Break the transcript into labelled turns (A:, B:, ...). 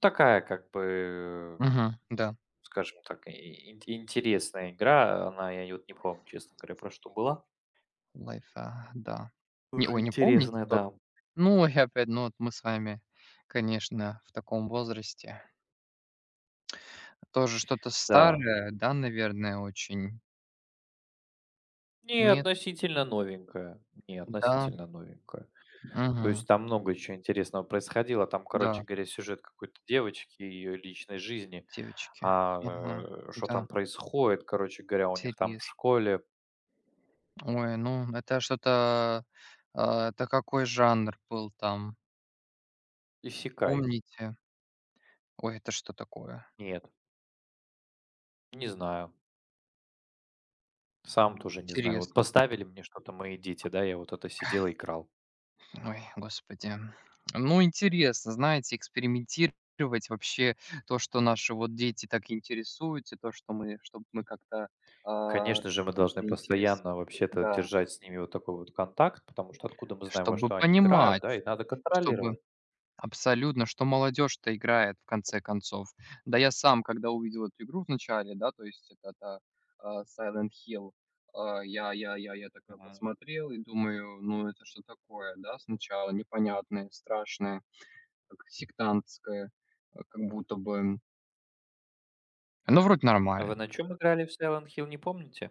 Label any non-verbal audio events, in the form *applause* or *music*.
A: Такая, как бы
B: Мгм, да.
A: скажем так, и ин интересная игра. Она, я вот не помню, честно говоря, про что была.
B: Лайфа, да.
A: *yawns*
B: Не,
A: Тоже
B: ой, не помните
A: интересная,
B: тот
A: да.
B: Ну, и опять, ну вот, мы с вами, конечно, в таком возрасте. Тоже что-то
A: Да.
B: старое, да, наверное, очень.
A: Не,
B: Нет?
A: относительно новенькое. Не,
B: М-да.
A: относительно новенькое. То
B: Мгм.
A: есть, там много чё интересного происходило, там, короче
B: Да.
A: говоря, сюжет какой-то девочки и ее личной жизни,
B: Девочки.
A: а,
B: Ага.
A: э, что
B: Да.
A: там происходит, короче говоря, у них, там, в
B: Интересно.
A: школе
B: Ой, ну, это что-то, э это какой жанр был там?
A: Исэкай.
B: Помните? Ой, это что такое?
A: Нет. Не знаю. Сам тоже не знаю. Вот,
B: Интересно.
A: поставили мне что-то мои дети, да, я вот это сидел, играл.
B: Ой, господи. *tsk* Ну, интересно, знаете, экспериментировать, вообще, то, что наши, вот, дети так интересуются, то, что мы, чтоб мы как-то, э,
A: Конечно же, мы должны
B: все-таки интересо
A: постоянно, вообще-то,
B: да.
A: держать с ними вот такой вот контакт, потому что откуда мы знаем, во
B: Чтобы
A: что они играют, да,
B: понимать.
A: и надо
B: Чтобы
A: контролировать.
B: Абсолютно, что молодежь-то играет в конце концов. Да я сам, когда увидел эту игру в начале, да, то есть, это та а, Silent Hill, а, я я я я такой
A: Мгм.
B: посмотрел и думаю, ну, это что такое, да, сначала непонятное страшное, как сектантское, а, как будто бы оно вроде
A: А вы
B: нормально.
A: на чём играли в Silent Hill, не помните?